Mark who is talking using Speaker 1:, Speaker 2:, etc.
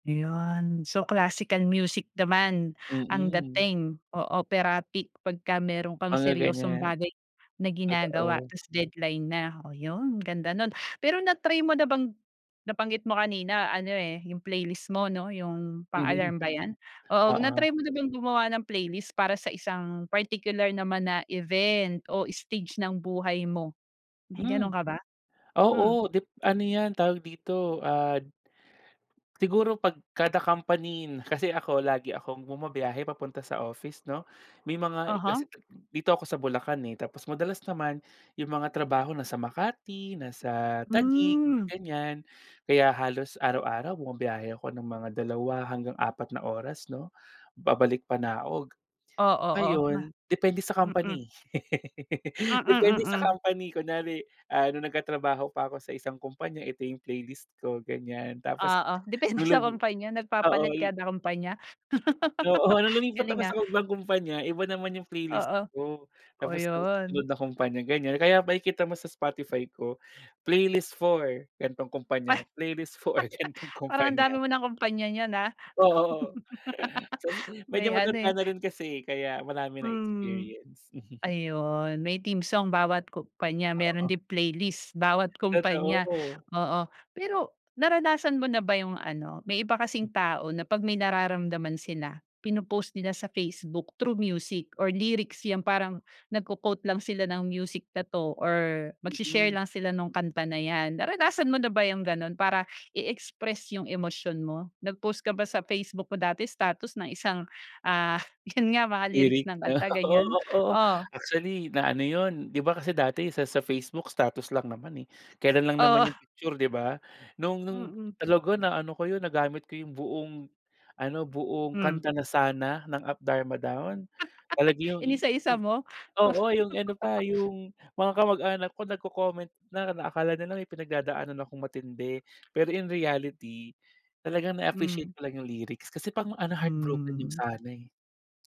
Speaker 1: 'Yon so classical music naman, ang
Speaker 2: Mm.
Speaker 1: dating o operatic pagkameron kang
Speaker 2: Mga
Speaker 1: seryosong
Speaker 2: ganiyan
Speaker 1: bagay na ginagawa
Speaker 2: totoo.
Speaker 1: tapos deadline na, oh yun ganda nun. Pero na-try mo na bang nabanggit mo kanina ano eh 'yung playlist mo 'no 'yung pang
Speaker 2: Mhm,
Speaker 1: alarm ba yan? Oo na-try
Speaker 2: oo.
Speaker 1: mo na bang gumawa ng playlist para sa isang particular naman na event o stage ng buhay mo, may
Speaker 2: Hmm,
Speaker 1: ganun ka ba? Hmm.
Speaker 2: oo dip ano yan tawag dito ad Siguro pag kada company kasi ako lagi akong bumabiyahe papunta sa office 'no. May mga ka
Speaker 1: Uh-huh.
Speaker 2: kasi dito ako sa Bulacan eh, tapos madalas naman 'yung mga trabaho nasa Makati nasa Taguig
Speaker 1: Hmm.
Speaker 2: ganiyan, kaya halos araw-araw bumabiyahe ako ng mga 2 hanggang 4 na oras 'no, babalik panaog.
Speaker 1: Oo, oo, ma
Speaker 2: Ngayon depende sa
Speaker 1: mm.
Speaker 2: company.
Speaker 1: Mm,
Speaker 2: Depende sa
Speaker 1: mm.
Speaker 2: company kunyari, ah nung nagtatrabaho pa ako sa isang kompanya ito yung playlist ko ganiyan, tapos
Speaker 1: Oo depende sa kompanya,
Speaker 2: Oh
Speaker 1: nagpapalit
Speaker 2: ol
Speaker 1: kada kompanya.
Speaker 2: Oo nung lumipat
Speaker 1: Galing
Speaker 2: sa
Speaker 1: ah.
Speaker 2: ibang kumpanya, iba naman 'yung playlist
Speaker 1: Oo
Speaker 2: ko.
Speaker 1: oh
Speaker 2: Tapos sa susunod
Speaker 1: 'yon.
Speaker 2: na kumpanya ganiyan, kaya makikita mo sa Spotify ko playlist for, ganitong
Speaker 1: Ay
Speaker 2: kompanya playlist for, ganitong
Speaker 1: Parang ang
Speaker 2: kompanya.
Speaker 1: dami mo ng kumpanya niyan ah.
Speaker 2: Oo sas medyo
Speaker 1: May ano
Speaker 2: matanda
Speaker 1: eh
Speaker 2: na rin kasi kaya marami ng
Speaker 1: Hmm,
Speaker 2: experience.
Speaker 1: ayun may team song bawat kumpanya meron
Speaker 2: Oo.
Speaker 1: din playlist bawat kumpanya
Speaker 2: Totoo.
Speaker 1: oo. Pero naranasan mo na ba 'yung ano may iba kasing tao na pag may nararamdaman sila pino-post nila sa Facebook through music or lyrics 'yang parang nagko-quote lang sila ng music na 'to or magsi-share
Speaker 2: Mm.
Speaker 1: lang sila nung kanta na yan, naranasan mo na ba yung ganon para i-express 'yung emosyon mo? Nag post ka ba sa Facebook mo dati status ng isang ah 'yun nga mga
Speaker 2: Lyric
Speaker 1: lyrics ng
Speaker 2: 'no
Speaker 1: kanta
Speaker 2: oo,
Speaker 1: ganiyan?
Speaker 2: oo
Speaker 1: Oh
Speaker 2: actually na ano 'yun 'di ba kasi dati sa sa Facebook status lang naman eh kelan lang naman
Speaker 1: Oo.
Speaker 2: 'yung picture 'di ba? Nung nung
Speaker 1: Mm.
Speaker 2: talaga na ano ko 'yun nagamit ko yung buong ano buong
Speaker 1: Hmm.
Speaker 2: kanta na "Sana" ng Up Dharma Down. Talaga yung
Speaker 1: Inisa-isa
Speaker 2: 'yung
Speaker 1: mo?
Speaker 2: oo 'yung ano pa yung mga kamag-anak ko nagco-comment na na akala nila may pinagdadaanan akong matindi pero in reality talagang
Speaker 1: Hmm.
Speaker 2: na-appreciate ko lang 'yung lyrics kasi pang ano heartbroken 'yung
Speaker 1: Hmm.
Speaker 2: "Sana" eh.